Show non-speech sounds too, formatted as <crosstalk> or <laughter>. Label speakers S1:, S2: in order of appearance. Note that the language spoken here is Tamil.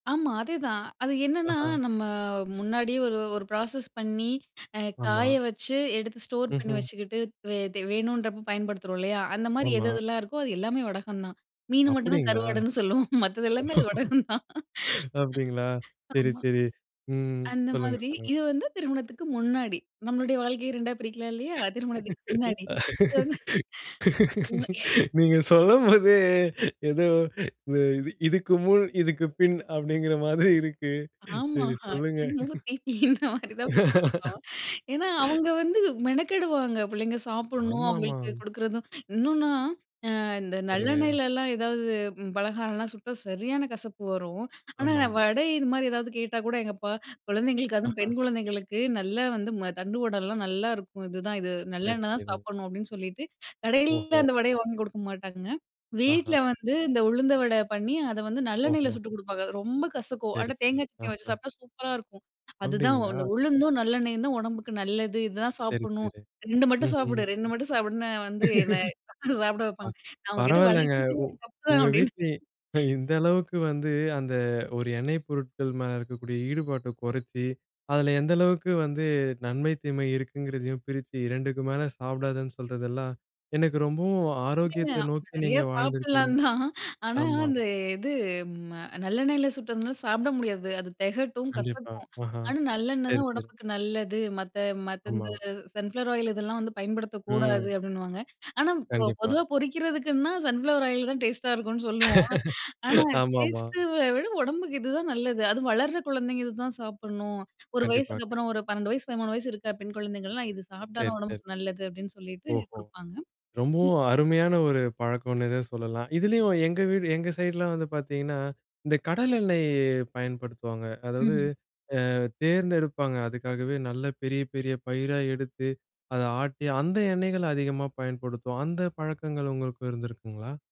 S1: ஆமா, அதேதான். அது என்னன்னா
S2: அஹா.
S1: நம்ம முன்னாடியே ஒரு ஒரு ப்ராசஸ் பண்ணி. அ காய
S2: ஆமா.
S1: வச்சு எடுத்து ஸ்டோர் பண்ணி
S2: ம்ஹ்ம்.
S1: வச்சுக்கிட்டு, த்வே தே வேணுன்றப்போ பயன்படுத்துறோம் இல்லையா? அந்த மாரி எது
S2: ஆமா.
S1: எதெல்லாம் இருக்கோ அது எல்லாமே வடகம் தான். மீனு மட்டும் தான்
S2: அப்படீங்களா?
S1: கருவாடுன்னு சொல்லுவோம். மத்தது எல்லாமே அது
S2: <laughs>
S1: வடகம் தான்.
S2: அப்படிங்களா! சரி,
S1: ஆமா.
S2: சரி. ம்.
S1: அந்த
S2: சொல்லுங்க,
S1: மாதிரி,
S2: சொல்லுங்க.
S1: இது வந்து திருமணத்துக்கு முன்னாடி. நம்மளுடைய வாழ்க்கைய 2ஆ பிரிக்கலாம் இல்லையா? திருமணத்துக்கு பின்னாடி. இது வந்து <sneezes> <unintelligible> <sneezes>
S2: நீங்க சொல்லும்போதே, ஏதோ இது இது இதுக்கு முன் இதுக்கு பின் அப்படீங்குற மாதிரி இருக்கு.
S1: ஆமா.
S2: சரி சொல்லுங்க.
S1: திமு திதி, இந்த மாதிரி தான் பிரிக்கணும். ஏன்னா
S2: <laughs>
S1: அவுங்க வந்து மெனக்கெடுவாங்க. புள்ளைங்க சாப்பிட்ணும்
S2: ஆமாமா.
S1: அவுங்களுக்கு கொடுக்குறதும், இன்னும்ன்னா அ இந்த
S2: சரிங்க.
S1: நல்லெண்ணெயிலலாம் ஏதாவது பலகாரம்லாம் சுட்டா சரியான கசப்பு வரும். ஆனா நான்
S2: ஆமாம்.
S1: வடை, இது மாதிரி ஏதாவது கேட்டா கூட எங்க அப்பா, குழந்தைங்களுக்கு அதுவும்
S2: அஹா.
S1: பெண் குழந்தைங்களுக்கு நல்லா வந்து மு தண்டுவடலாம் நல்லா இருக்கும். இதுதான் இது
S2: சரி,
S1: நல்லெண்ணெய் தான்
S2: சரி.
S1: சாப்பட்ணும் அப்டின்னு சொல்லிட்டு.
S2: ஓஹோ!
S1: கடையிலலாம் அந்த வடையை வாங்கி கொடுக்க மாட்டாங்க. வீட்ல
S2: ஆஹா.
S1: வந்து இந்த உளுந்த வடை பண்ணி, அத வந்து நல்லெண்ணெயில
S2: ஓஹோ.
S1: சுட்டுக் கொடுப்பாங்க. ரொம்ப கசக்கும்.
S2: சரி,
S1: ஆனா
S2: சரி.
S1: தேங்காய்
S2: அ,
S1: சட்னிய வச்சு
S2: அ.
S1: சாப்பிட்டா சூப்பரா இருக்கும். அதுதான்
S2: அப்டீங்களா?
S1: அந்த உளுந்தும், நல்லெண்ணெயும் தான் உடம்புக்கு நல்லது. இதான்
S2: சரி,
S1: சாப்பிட்ணும்.
S2: சரி.
S1: 2 மட்டும்
S2: ம்ஹ்ம்.
S1: சாப்பிடு, 2 மட்டும் சாப்பிடுன்னு வந்து என்ன சாப்பிட
S2: <laughs> ப
S1: வைப்பாங்க. அவுங்க கிட்ட வட
S2: பரவாயில்லங்க.
S1: கேட்டதே
S2: உ
S1: என் தப்பு
S2: உங்க
S1: அப்படின்னு.
S2: வீட்ல இந்த அளவுக்கு வந்து அந்த ஒரு எண்ணெய் பொருட்கள் மேல இருக்கக்கூடிய ஈடுபாட்ட குறைச்சு, அதுல எந்த அளவுக்கு வந்து நன்மை தீமை இருக்குங்கிறதையும் பிரிச்சு 2டுக்கு மேலே சாப்பிடாதன்னு சொல்றதெல்லாம் எனக்கு ரொம்பவும்
S1: இல்ல, இல்ல.
S2: ஆரோக்கியத்த நோக்கி
S1: நிறையா
S2: நீங்க வாழ்ந்துருக்கீங்க.
S1: சாப்பிடலாம் தான். ஆனா,
S2: ஆமா.
S1: அந்த இது ம நல்லெண்ணெயில சுட்டதுனா சாப்பிட முடியாது. அது தெகட்டும்,
S2: கண்டிப்பா.
S1: கசக்கும்.
S2: அஹா
S1: ஆனா நல்லெண்ணெய்
S2: சரி,
S1: தான்
S2: சரி.
S1: உடம்புக்கு நல்லது. மத்த மத்த இந்த
S2: ஆமா.
S1: சன்ஃப்ளவர் ஆயில் இதெல்லாம் வந்து பயன்படுத்தக் கூடாது
S2: ம்.
S1: அப்படின்னுவாங்க. ஆனா பொ
S2: கண்டிப்பா.
S1: பொதுவா பொறிக்கிறதுக்குன்னா சன்ஃப்ளவர் ஆயில் தான் டேஸ்ட்டா இருக்கும்னு சொல்லுவோம்.
S2: <laughs>
S1: ஆனா
S2: ஆமா, ஆமா.
S1: டேஸ்ட்ட விட உடம்புக்கு இதுதான் நல்லது. அதுவும் வளர்ற குழந்தைங்க இதுதான் சாப்பிட்ணும். ஒரு
S2: கண்டிப்பா.
S1: வயசுக்கு அப்புறம், ஒரு 12 வயது 13 வயசு இருக்கிற பெண் குழந்தைங்கள்லாம். இது சாப்பிட்டா
S2: சரி,
S1: தான்
S2: சரி.
S1: உடம்புக்கு நல்லது அப்படின்னு சொல்லிவிட்டு
S2: ஓஹோ!
S1: குடுப்பாங்க.
S2: ரொம்பவும்
S1: <unintelligible>
S2: அருமையான ஒரு பழக்கம்னே தான் சொல்லலாம்.
S1: <unintelligible>
S2: இதுலயும் எங்க வீடு, எங்க சைடுலாம் வந்து பார்த்தீங்கன்னா, இந்த கடல எண்ணெய் பயன்படுத்துவாங்க. அதாவது
S1: ம்ஹ்ம்.
S2: அ தேர்ந்தெடுப்பாங்க, அதுக்காகவே நல்ல பெரிய, பெரிய பயிரா எடுத்து அத ஆட்டி அந்த எண்ணெய்கள அதிகமா பயன்படுத்துவோம். அந்த பழக்கங்கள் உங்களுக்கும் இருந்திருக்குங்களா?